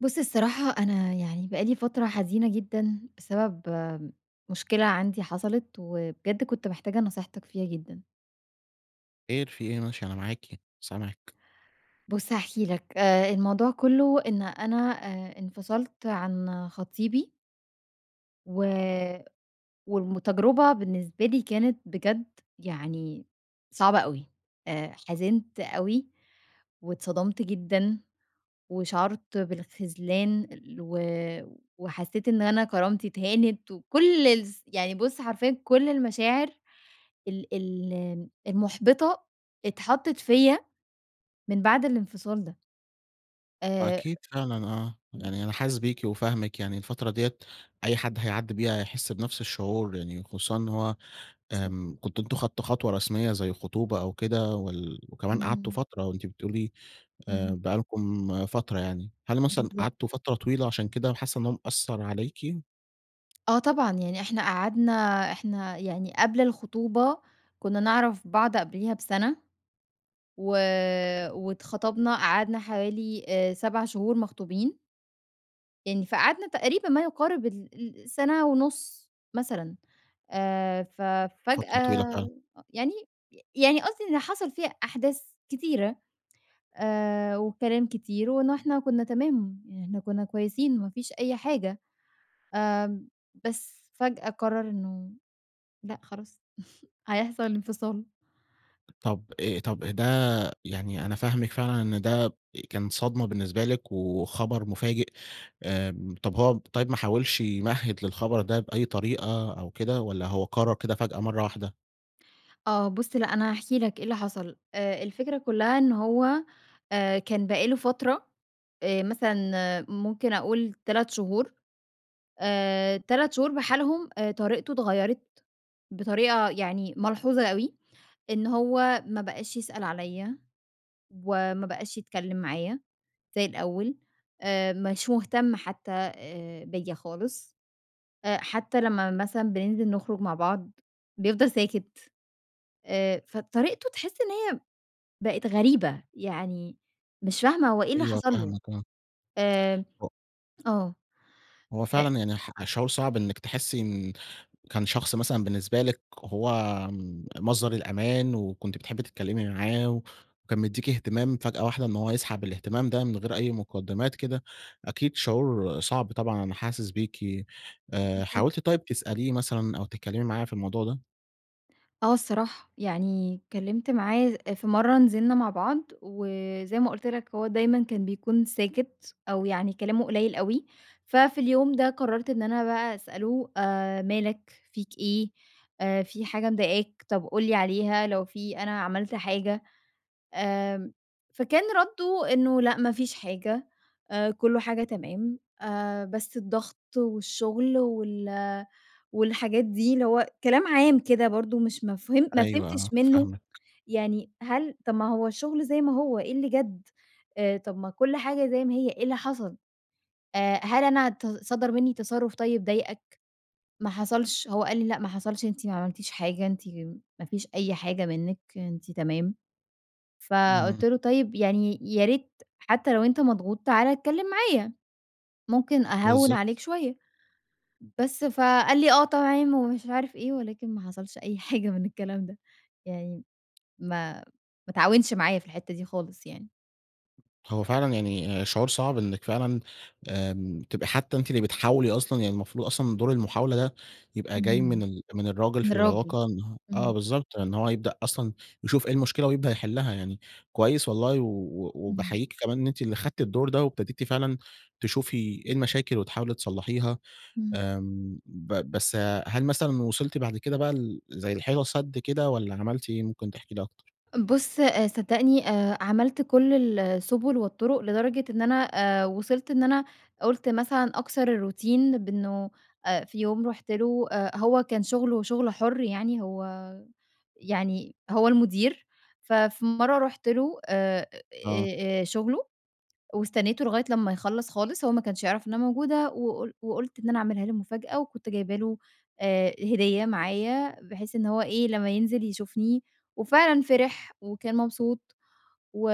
بُص الصراحة، أنا يعني بقى لي فترة حزينة جدًا بسبب مشكلة عندي حصلت، وبجد كنت محتاجة نصيحتك فيها جدًا. خير في إيه؟ ماشي أنا معاكِ سامعِك. بُص هاحكي لك. آآ الموضوع كُلّه إن أنا آآ انفصلت عن خطيبي و والم تجربة بالنسبة لي كانت بجد يعني صعبة أوي. أ حِزِنْت أوي، واتصدمت جدًا وشَعُرت بالخذلان و وحسّيت إن أنا كرامتي اتهانت، وكل الس يعني بُص حرفيًا يعني كل المشاعر ال ال المُحبطة، اتحطّت فيّا من بعد الانفصال ده. آآ وأكيد فعلًا آه. إمم. يعني أنا حاسس بيكِ وفاهمِك. يعني الفترة ديّة أي حد هيعدّي بيها، هيحس بنفس الشعور. يعني خصوصًا إن هو [unintelligible] آمم كنتم أنتم اخدتم خطوة رسميّة زي خطوبة أو كده وال وكمان قعدتوا اهم. فترة. وأنتِ بتقولي آآ اهم. بقى لكم فترة يعني. هل مثلًا بالضبط. قعدتوا فترة طويلة، عشان كده حاسّة إن هو مأثّر عليكِ؟ آه طبعًا يعني، إحنا قعدنا إحنا يعني قبل الخطوبة كنّا نعرف بعض قبليها بسنة. و واتخطبنا قعدنا حوالي آآ 7 شهور مخطوبين. يعني فقعدنا تقريبًا ما يقارب ال السنة ونص مثلًا. آآ ف فترة طويلة فجأة فعلًا. يعني، يعني قصدي إن حصل فيها أحداث كتيرة، آآ وكلام كتير، وإن إحنا كنّا تمام، إحنا كنّا كويسين ما فيش أي حاجة. آآ بس فجأة قرر إنّه لأ خلاص، هيحصل انفصال. طب أ طب ده يعني أنا فاهمِك فعلًا، إن ده كان صدمة بالنسبة لِك، وخبر مفاجئ، آمم طب هو طيّب ما حاولش يمهد للخبر ده بأي طريقة أو كده، والّا هو قرر كده فجأة مرّة واحدة؟ آه بُص لأ أنا هاحكي لك إيه اللي حصل، آآ الفكرة كلّها إنّه هو، آآ كان بقى له فترة، آآ مثلًا ممكن أقول 3 شهور، آآ 3 شهور بحالهم، آآ طريقته اتغيرت، بطريقة يعني ملحوظة أوي، إن هو ما بقاش يسأل عليّا، وما بقاش يتكلّم معايا زي الأوّل، آآ مش مهتم حتّى آآ بيّا خالص، حتّى لمّا مثلًا بننزل نخرج مع بعض بيفضل ساكت، آآ فطريقته تحس إن هي بقت غريبة، يعني مش فاهمة هو إيه اللي أيوه حصل له؟ فاهمِك آه. آآ ه آه هو أ فعلًا يعني ح شعور صعب إنِك تحسّي إن كان شخص مثلًا بالنسبة لِك هو مصدر الأمان، وكنتِ بتحبي تتكلّمي معاه، وكان مديكِ إهتمام فجأة واحدة إن هو يسحب الاهتمام ده من غير أي مقدمات كده، أكيد شعور صعب طبعًا أنا حاسس بيكِ. آآ بالضبط. حاولتِ طيّب تسأليه مثلًا أو تتكلّمي معاه في الموضوع ده؟ آه الصراحة. يعني اتكلّمت معاه أ في مرّة نزلنا مع بعض. وزي ما قُلت لك هو دايمًا كان بيكون ساكت أو يعني كلامه قليل أوي. ففي اليوم ده قرّرت إن أنا بقى أسأله: "أ مالك؟ فيك إيه؟ أ في حاجة مضايقاك؟ طب قُل لي عليها لو في أنا عملت حاجة؟" آمم فكان ردُّه إنّه: "لأ ما فيش حاجة، آآ كل حاجة تمام. آآ بس الضغط والشغل وال والحاجات دي." اللي هو كلام عام كده برضه مش مفه ما أيوه آه، فهمتش منّه فاهمكِ. يعني "هل طب ما هو الشغل زي ما هو إيه اللي جد؟! أ طب ما كل حاجة زي ما هي إيه اللي حصل؟! آآ هل أنا ت صَدَر مِنّي تصرُّف طيب ضايقك؟" ما حصلش هو قال لي: "لأ ما حصلش. أنتِ ما عملتيش حاجة. أنتِ ما فيش أي حاجة منِّك أنتِ تمام". إمم. فقُلت له: "طيب يعني يا ريت حتّى لو أنت مضغوط تعالَ اتكلّم معايا، ممكن أهوِّن بالضبط. عليك شوية." بس، فقال لي: "آه طبعًا،" ومش عارف إيه، ولكن ما حصلش أي حاجة من الكلام ده. يعني ما ما اتعاونش معايا في الحتّة دي خالص يعني. هو فعلًا يعني شعور صعب إنّك فعلًا آمم تبقى حتّى أنتِ اللي بتحاولي أصلًا، يعني المفروض أصلًا دور المحاولة ده يبقى جاي من امم، ال من الراجل من في الراجل، العلاقة إن آه امم. بالضبط، إن هو يبدأ أصلًا يشوف إيه المشكلة ويبدأ يحلها. يعني كويّس والله، و امم. وباحييك كمان أنتِ اللي خدتِ الدور ده، وابتديتِ فعلًا تشوفي إيه المشاكل وتحاولي تصلحيها. امم. آمم، ب بس هل مثلًا وصلتِ بعد كده بقى ل زي لحيطة سد كده، والّا عملتِ إيه؟ ممكن تحكي لي أكتر. بُص، آآ، صدّقني، آآ، عملت كل السبل والطرق، لدرجة إن أنا آآ، وصلت إن أنا قلت مثلًا أكسر الروتين بأنه آآ في يوم رُحت له، آآ، هو كان شغله شغل حُر يعني، هو يعني هو المدير، ففي مرّة رُحت له آآ، آه. آآ، شغله، واستنيته لغاية لمّا يخلص خالص. هو ما كانش يعرف إنّ أنا موجودة، وقل وقلت إن أنا أعملها له مفاجأة، وكنت جايبه له آآ هديّة معايا، بحيث إن هو إيه، لمّا ينزل يشوفني. وفعلًا فرح وكان مبسوط، و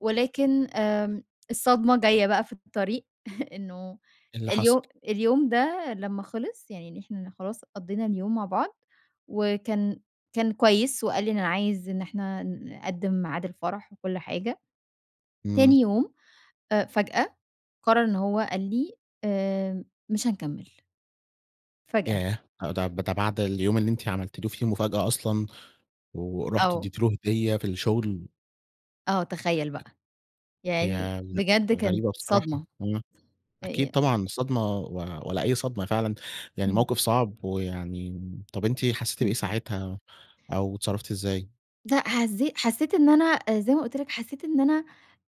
ولكن آمم، الصدمة جايّة بقى في الطريق، إنّه إيه اللي حصل؟ اليوم اليوم ده لمّا خلص، يعني إن إحنا خلاص قضينا اليوم مع بعض، وكان كان كويّس، وقال لي إن أنا عايز إن إحنا نقدم ميعاد الفرح وكل حاجة. امم. تاني يوم آآ فجأة، قرر إنّه هو قال لي: "آآ، مش هنكمل." فجأة. ياه! ده ده بعد اليوم اللي أنتِ عملتِ له فيه مفاجأة أصلًا، ورحتِ آه. اديتِ له هدية في الشغل؟ آه، تخيل بقى، يعني هي غ بجد كانت غريبة بصراحة. صدمة. امم، أكيد يع طبعًا الصدمة، و ولا أي صدمة فعلًا، يعني امم. موقف صعب. ويعني، طب أنتِ حسّيتِ بإيه اهم. ساعتها، أو اتصرفتِ إزاي؟ لأ حزّي حسّيت إن أنا أ زي ما قُلت لك، حسّيت إن أنا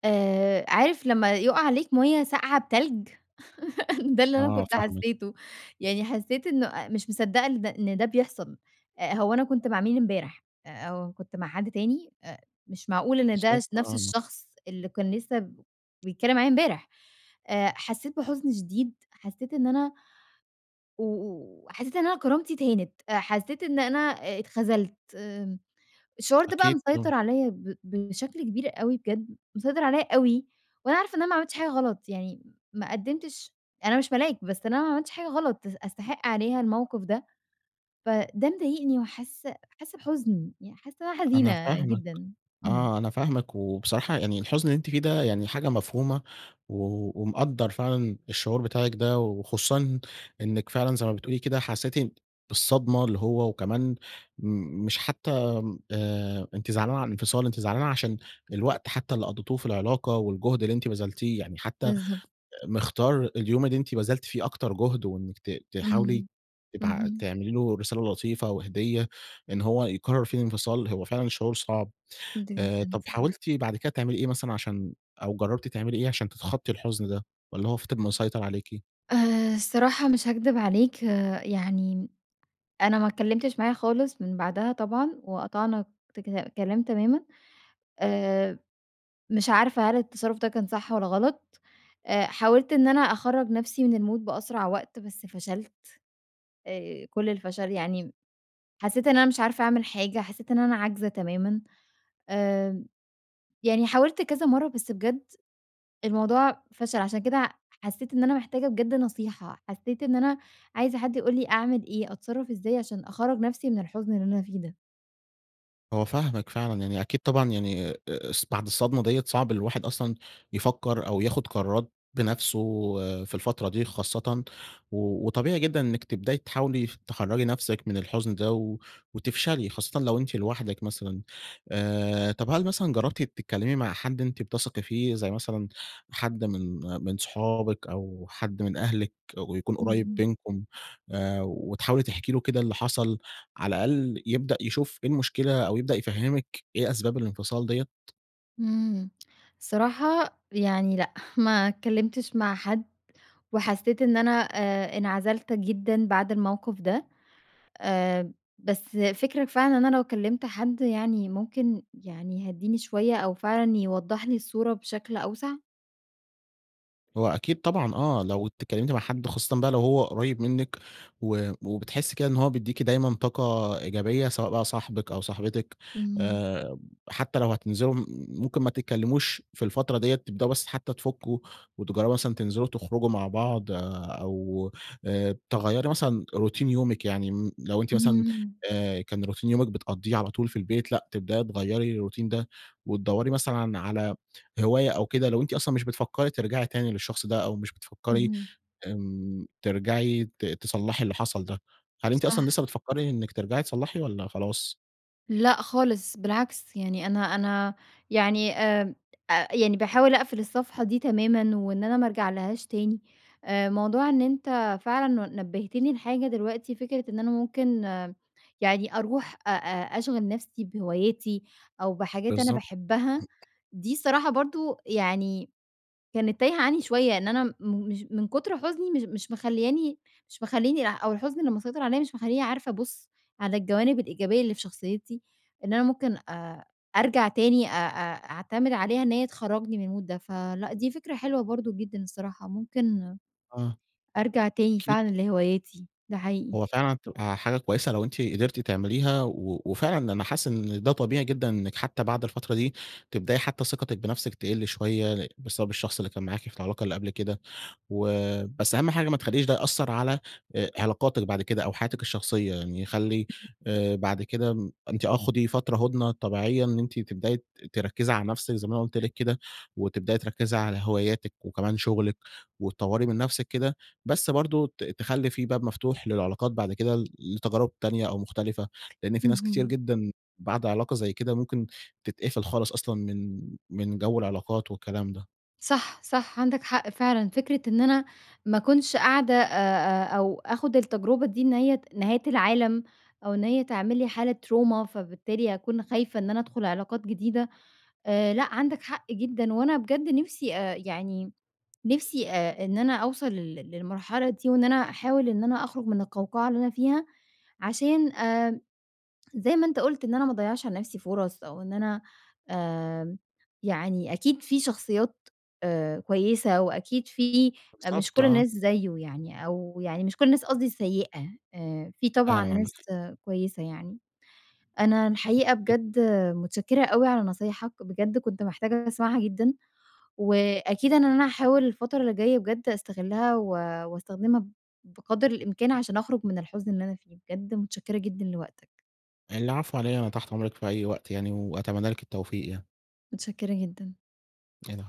آآ عارف لمّا يُقَع عليك مَيّة ساقعة بتلج؟ ده الللي أنا آه كنت فاهمِك. حسّيته. يعني حسّيت إنه أ مش مصدّقة إن د إن ده بيحصل. آآ هو أنا كنت مع مين إمبارح؟! آآ أو كنت مع حد تاني؟! أ مش معقول إن ده بالضبط س نفس آه، أنا الشخص اللي كان لسّه بيتكلّم معايا امبارح. آآ حسّيت بحُزن شديد، حسّيت إن أنا و و حسّيت إن أنا كرامتي اتهانِت. أ حسّيت إن أنا اتخذلت. الشعور ده بقى أكيد مسيطر طبعًا. عليّا ب بشكل كبير أوي بجد. مسيطر عليّا أوي، وأنا عارفة إن أنا ما عملتش حاجة غلط. يعني ما قدِّمتش أنا مش ملاك، بس أنا ما عملتش حاجة غلط أس أستحِق عليها الموقف ده. فده مضايقني وحاسّة حاسّة بحُزن. يعني حاسّة إن أنا أنا حزينة فاهمِك جدًا.إمم. آه. أنا فاهمِك وبصراحة يعني الحُزن اللي أنتِ فيه ده يعني حاجة مفهومة. و ومقدّر فعلًا الشعور بتاعِك ده، وخصوصًا إنِّك فعلًا زي ما بتقولي كده، حسّيتِ بالصدمة اللي هو وكمان م مش حتّى م آآ أنتِ زعلانة على الإنفصال، أنتِ زعلانة عشان الوقت حتّى اللي قضّيتوه في العلاقة والجهد اللي أنتِ بذلتيه يعني. حتّى أ بالضبط. مِختار اليوم اللي أنتِ بذلتِ فيه أكتر جُهد، وإنِّك ت تحاولي اهم. تبع اهم. تعملي له رسالة لطيفة وهديّة، إن هو يقرّر فيه الإنفصال هو فعلًا شعور صعب. وأنت آآ جدًا طب بصراحة. حاولتِ بعد كده تعملي إيه مثلًا عشان أو جرّبتِ تعملي إيه عشان تتخطّي الحُزن ده والّا هو فِضِل مسيطر عليكِ؟ آآ الصراحة مش هاكدب عليك يعني أنا ما اتكلّمتش معاه خالص من بعدها طبعًا، وقطعنا تكك كلام تمامًا. آآ مش عارفة هل التصرُّف ده كان صح والّا غلط؟ أ حاولت إن أنا أخرّج نفسي من المود بأسرع وقت، بس فشلت. آآ كل الفَشَل يعني م حسّيت إن أنا مش عارفة أعمل حاجة، حسّيت إن أنا عاجزة تمامًا. آمم، يعني حاولت كذا مرّة بس بجد الموضوع فَشَل عشان كده حسّيت إن أنا محتاجة بجد نصيحة، حسّيت إن أنا عايزة حد يقول لي أعمل إيه، أتصرّف إزاي عشان أخرّج نفسي من الحُزن اللي أنا فيه ده؟ هو فاهمِك فعلًا. يعني أكيد طبعًا يعني أ أص بعد الصدمة ديّة صعب الواحد أصلًا يفكّر أو ياخُد قرارات بنفسه في الفترة دي خاصةً. و وطبيعي جدًا إنِّك تبدأي تحاولي ف تخرّجي نفسِك من الحُزن ده و وتفشلي. خاصةً لو أنتِ لوحدِك مثلًا. آآ طب هل مثلًا جرّبتِ تتكلّمي مع حد أنتِ بتثقي فيه زي مثلًا حد من من صُحابِك أو حد من أهلِك ويكون قُريّب اهم. بينكم؟ آآ وتحاولي تحكي له كده اللي حصل على الأقل يبدأ يشوف إيه المشكلة أو يبدأ يفهمِك إيه أسباب الإنفصال ديّة. إمم. الصراحة يعني لأ. ما اتكلّمتش مع حد، وحسّيت إن أنا آآ انعزلت جدًا بعد الموقف ده. آآ بس فِكرَك فعلًا إن أنا لو كلّمت حد يعني ممكن يعني يهدّيني شوية أو فعلًا يوضّح لي الصورة بشكل أوسع؟ هو أكيد طبعًا آه. لو اتكلّمتِ مع حد خاصةً بقى لو هو قُريّب منِّك و وبتحسّي كده إن هو بيدّيكِ دايمًا طاقة إيجابية، سواء بقى صاحبِك أو صاحبتِك. إمم. آآ حتّى لو هتنزلوا م ممكن ما تتكلّموش في الفترة ديّة، تبدؤوا بس حتّى تفكّوا وتجرّبوا مثلًا تنزلوا وتخرجوا مع بعض أو آآ تغيّري مثلًا روتين يومِك. يعني م لو أنتِ مثلًا إمم. آآ كان روتين يومِك بتقضّيه على طول في البيت لأ، تبدأي تغيّري الروتين ده وتدوّري مثلًا على هواية أو كده لو أنتِ أصلًا مش بتفكّري ترجعي تاني للشخص ده، أو مش بتفكّري اهم. آمم ترجعي ت تصلّحي اللي حصل ده. هل أنتِ أصلًا صح. لسّه بتفكّري إنِّك ترجعي تصلّحي والّا خلاص؟ لأ خالص بالعكس، يعني أنا أنا يعني آآ أ يعني باحاول أقفل الصفحة دي تمامًا، وإن أنا ما أرجعلهاش تاني، آآ موضوع إن أنت فعلًا ن نبّهتني لحاجة دلوقتي فكرة إن أنا ممكن يعني أروح أ أ أشغل نفسي بهواياتي، أو بحاجات أنا بالضبط. باحبها، دي الصراحة برضه يعني كانت تايهة عني شوية، إن أنا مش من كُتر حُزني مش مش مخلياني مش مخلّيني لأ أو الحزن اللي مسيطر عليّا مش مخلّيني عارفة أبُص على الجوانب الإيجابية اللي في شخصيتي، إن أنا ممكن أ أرجع تاني أ أ أعتمد عليها إن هي تخرّجني من المود ده. فلأ، دي فكرة حلوة برضه جدًا الصراحة، ممكن آه، أرجع تاني أكيد. فعلًا لهواياتي، ده حقيقي. هو فعلًا تبقى حاجة كويسة لو أنتِ قدرتِ تعمليها، و وفعلًا أنا حاسس إن ده طبيعي جدًا إنِك حتى بعد الفترة دي، تبدأي حتى ثقتِك بنفسِك تقل شوية لإ بسبب الشخص اللي كان معاكِ في العلاقة اللي قبل كده، و بس أهم حاجة ما تخليش ده يأثّر على آآ علاقاتِك بعد كده أو حياتِك الشخصية، يعني خلّي آآ بعد كده م أنتِ آه خُدي فترة هدنة طبيعية، إن أنتِ تبدأي ت تركّزي على نفسِك زي ما أنا قلت لِك كده، وتبدأي تركّزي على هواياتِك وكمان شغلِك وتطوري من نفسِك كده، بس برضه ت تخلّي في باب مفتوح للعلاقات بعد كده ل لتجارب تانية أو مختلفة، لإن في ناس كتير اهم. جدًا بعد علاقة زي كده ممكن تتقفل خالص أصلًا من من جو العلاقات والكلام ده. صح، صح، عندك حق فعلًا فكرة إن أنا ما أكونش قاعدة أ أ أو آخد التجربة دي إن هي نهاية العالم، أو إن هي تعمل لي حالة تروما، فبالتالي أكون خايفة إن أنا أدخل علاقات جديدة. آآ لأ عندك حق جدًا، وأنا بجد نفسي آآ يعني نفسي آآ إن أنا أوصَل لل للمرحلة دي، وإن أنا أحاول إن أنا أخرج من القوقعة اللي أنا فيها، عشان آآ زي ما أنت قُلت إن أنا ما أضيّعش على نفسي فرص، أو إن أنا آآ يعني أكيد في شخصيات آآ كويسة، وأكيد في مش بالضبط كل آه. الناس زيه يعني، أو يعني مش كل الناس قصدي سيئة، آآ في طبعًا فعلًا عندك ناس حق. كويسة يعني. أنا الحقيقة أكيد. بجد متشكرة أوي على نصايحك، بجد كنت محتاجة أسمعها جدًا، وأكيد إن أنا هاحاول الفترة اللي جاية بجد أستغلّها و واستخدمها بقدر الإمكان، عشان أخرج من الحزن اللي أنا فيه. بجد متشكرة جدًا لوقتك. العفو على إيه، أنا تحت أمرِك في أي وقت يعني، وأتمنى لِك التوفيق يعني. متشكرة جدًا. العفو.